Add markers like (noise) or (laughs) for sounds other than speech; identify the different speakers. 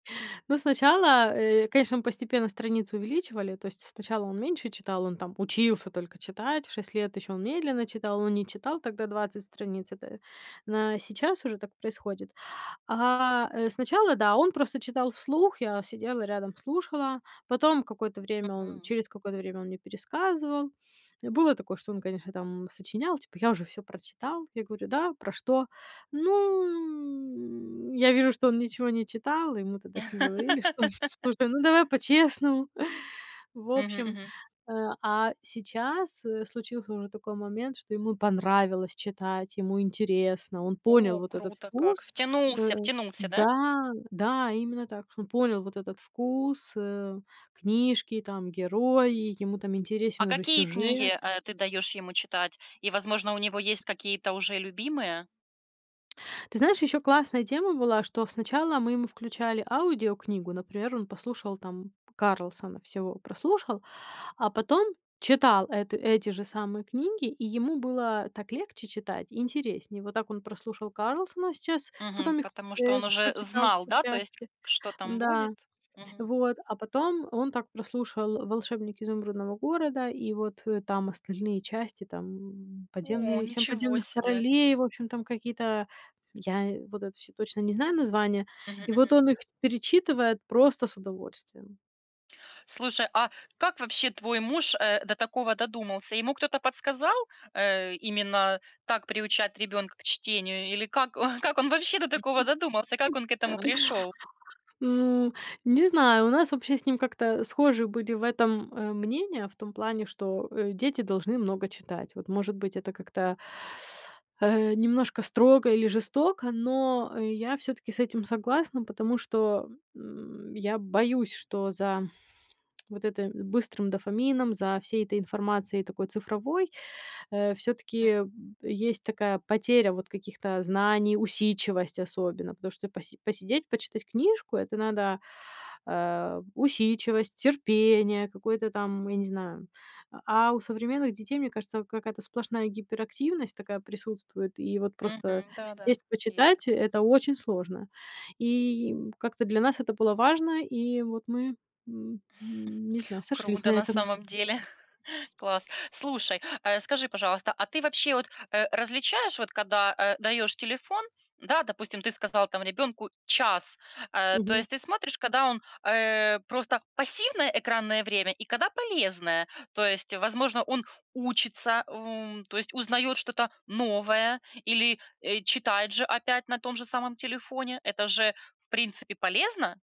Speaker 1: Ну, сначала, э, конечно, мы постепенно страницы увеличивали, то есть сначала он меньше читал, он там учился только читать, в 6 лет ещё он медленно читал, он не читал тогда 20 страниц, это на сейчас уже так происходит. А, э, сначала, да, он просто читал вслух. Я сидела рядом, слушала. Потом какое-то время он
Speaker 2: Мгм.
Speaker 1: через какое-то время он мне пересказывал. Э, было такое, что он, конечно, там сочинял, типа, я уже всё прочитал. Я говорю: да, про что? Ну. Я вижу, что он ничего не читал. И мы тогда с ним говорили, что, слушай, ну давай по-честному. В
Speaker 2: Мгм.
Speaker 1: общем,
Speaker 2: Мгм.
Speaker 1: э, а сейчас, э, случился уже такой момент, что ему понравилось читать, ему интересно, он понял
Speaker 2: О,
Speaker 1: вот этот
Speaker 2: круто как.
Speaker 1: вкус.
Speaker 2: Втянулся,
Speaker 1: То
Speaker 2: втянулся, да?
Speaker 1: да, да именно так. Что он понял вот этот вкус, э, книжки, там герои, ему там
Speaker 2: А
Speaker 1: интересен уже
Speaker 2: какие
Speaker 1: сюжет.
Speaker 2: книги, э, ты даёшь ему читать? И, возможно, у него есть какие-то уже любимые?
Speaker 1: Ты знаешь, ещё классная тема была, что сначала мы ему включали аудиокнигу. Например, он послушал там "Карлсона" всего прослушал, а потом читал эт эти же самые книги, и ему было так легче читать, и интереснее. Вот так он прослушал "Карлсона", сейчас
Speaker 2: Мгм.
Speaker 1: потом их,
Speaker 2: Потому что
Speaker 1: э,
Speaker 2: он уже
Speaker 1: прочитал
Speaker 2: знал,
Speaker 1: все
Speaker 2: да, то есть,
Speaker 1: части.
Speaker 2: что там
Speaker 1: Да.
Speaker 2: будет. Мгм.
Speaker 1: Вот. А потом он так прослушал "Волшебник Изумрудного города", и вот, э, там остальные части, там
Speaker 2: О,
Speaker 1: подземные "Семь
Speaker 2: ничего
Speaker 1: подземных
Speaker 2: себе.
Speaker 1: королей", в общем, там какие-то я вот это всё точно не знаю названия.
Speaker 2: Мгм.
Speaker 1: И вот
Speaker 2: Мгм.
Speaker 1: он их перечитывает просто с удовольствием.
Speaker 2: Слушай, а как вообще твой муж, э, до такого додумался? Ему кто-то подсказал, э, именно так приучать ребёнка к чтению или как как он вообще до такого додумался, как он к этому пришёл?
Speaker 1: (laughs) М, не знаю, у нас вообще с ним как-то схожи были в этом, э, мнения, в том плане, что, э, дети должны много читать. Вот, может быть, это как-то э, немножко строго или жестоко, но я всё-таки с этим согласна, потому что, м, я боюсь, что за вот это быстрым дофамином, за всей этой информацией такой цифровой, э, всё-таки,
Speaker 2: М.
Speaker 1: м, есть такая потеря вот каких-то знаний, усидчивость особенно. Потому что поси посидеть, почитать книжку это надо, а, усидчивость, терпение, какое-то там, я не знаю. А у современных детей, мне кажется, какая-то сплошная гиперактивность такая присутствует. И вот просто
Speaker 2: Мгм. Да, да,
Speaker 1: сесть
Speaker 2: есть
Speaker 1: почитать,
Speaker 2: такое.
Speaker 1: это очень сложно. И как-то для нас это было важно. И вот мы, м, не знаю, сошлись
Speaker 2: Круто
Speaker 1: на
Speaker 2: на
Speaker 1: этом.
Speaker 2: самом деле. (chuckles) Класс. Слушай, э, скажи, пожалуйста, а ты вообще вот, э, различаешь, вот когда, э, даёшь телефон, да, допустим, ты сказала там ребёнку час, э, то
Speaker 1: Мгм.
Speaker 2: есть ты смотришь, когда он, э, просто пассивное экранное время и когда полезное, то есть, возможно, он учится, м, то есть узнаёт что-то новое или, э, читает же опять на том же самом телефоне. Это же в принципе полезно.